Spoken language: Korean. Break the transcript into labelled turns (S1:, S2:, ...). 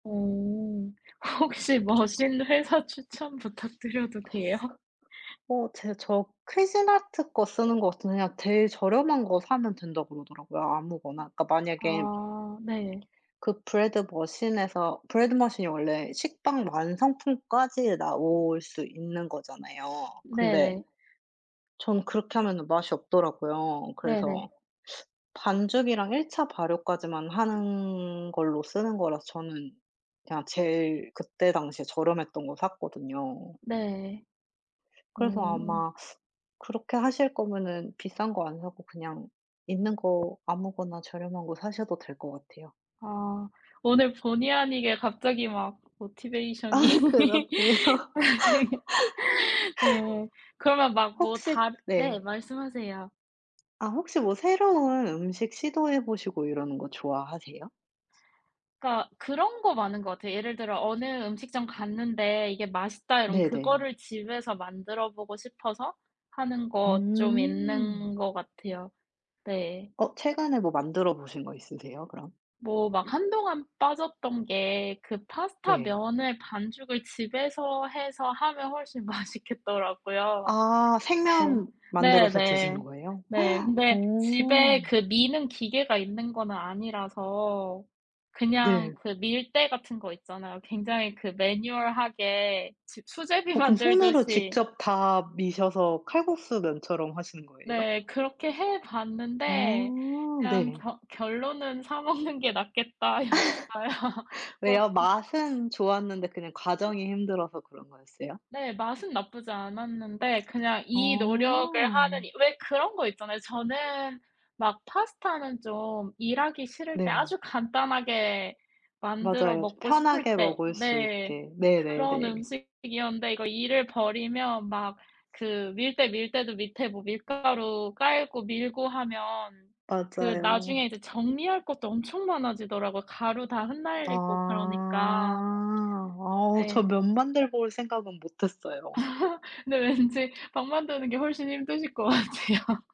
S1: 어. 혹시
S2: 저
S1: 머신 회사 추천 부탁드려도 돼요?
S2: 어 제 저 쿠진아트 거 쓰는 것 같은데 그냥 제일 저렴한 거 사면 된다 그러더라고요
S1: 음.
S2: 아무거나. 그러니까 만약에
S1: 아 네.
S2: 그 브래드 머신에서 브래드 머신이 원래 식빵 완성품까지 나올 수 있는 거잖아요. 근데
S1: 네네.
S2: 전 그렇게 하면은 맛이 없더라고요.
S1: 네네.
S2: 그래서 반죽이랑 1 차 발효까지만 하는 걸로 쓰는 거라서 저는 그냥 제일 그때 당시에 저렴했던 거 샀거든요.
S1: 네.
S2: 그래서
S1: 음.
S2: 아마 그렇게 하실 거면은 비싼 거 안 사고 그냥 있는 거 아무거나 저렴한 거 사셔도 될 것 같아요.
S1: 아. 오늘 본의 아니게 갑자기 막 모티베이션이.
S2: 아 그러네요.
S1: [unintelligible] 네. 그러면 막 뭐
S2: 혹시
S1: 다 네
S2: 네.
S1: 말씀하세요.
S2: 아 혹시 뭐 새로운 음식 시도해 보시고 이러는 거 좋아하세요?
S1: 그러니까 그런 거 많은 것 같아요 예를 들어 어느 음식점 갔는데 이게 맛있다 이러면
S2: 네네.
S1: 그거를 집에서 만들어보고 싶어서 하는 거 쫌
S2: 음.
S1: 있는 것 같아요. 네.
S2: 어 최근에 뭐 만들어 보신 거 있으세요 그럼?
S1: 뭐 막 한동안 빠졌던 게 그 파스타
S2: 네.
S1: 면을 반죽을 집에서 해서 하면 훨씬 맛있겠더라고요.
S2: 아 생면
S1: 네
S2: 만들어서 드시는
S1: 네네
S2: 거예요?
S1: 네. 근데 집에
S2: 어.
S1: 그 미는 기계가 있는 거는 아니라서 그냥
S2: 네.
S1: 그 밀대 같은 거 있잖아요 굉장히 그 매뉴얼하게 집 수제비
S2: 어 그럼 손으로
S1: 만들듯이
S2: 직접 다 미셔서 칼국수 면처럼 하시는 거예요?
S1: 네 그렇게 해 봤는데
S2: 아
S1: 그냥
S2: 네.
S1: 겨 결론은 사 먹는 게 낫겠다 였어요. 뭐 음.
S2: 왜요? 맛은 좋았는데 그냥 과정이 힘들어서 그런 거였어요?
S1: 네 맛은 나쁘지 않았는데 그냥 이 노력을
S2: 어.
S1: 하는 이 왜 그런 거 있잖아요 저는 막 파스타는 좀 일하기 싫을 때
S2: 네.
S1: 아주 간단하게 만들어
S2: 맞아요. 좀
S1: 먹고 싶을
S2: 편하게
S1: 때
S2: 먹을 수
S1: 네
S2: 있게.
S1: 그런
S2: 네네네.
S1: 음식이었는데 이거 일을 벌이면 막 그 밀대 밀 때도 밑에 뭐 밀가루 깔고 밀고 하면 그 나중에
S2: 맞아요.
S1: 이제 정리할 것도 엄청 많아지더라고요. 가루 다 흩날리고
S2: 아.
S1: 그러니까.
S2: 아 저
S1: 네.
S2: 면 만들어볼 생각은 못 했어요.
S1: 근데 왠지 빵 만드는게 훨씬 힘드실 것 같아요.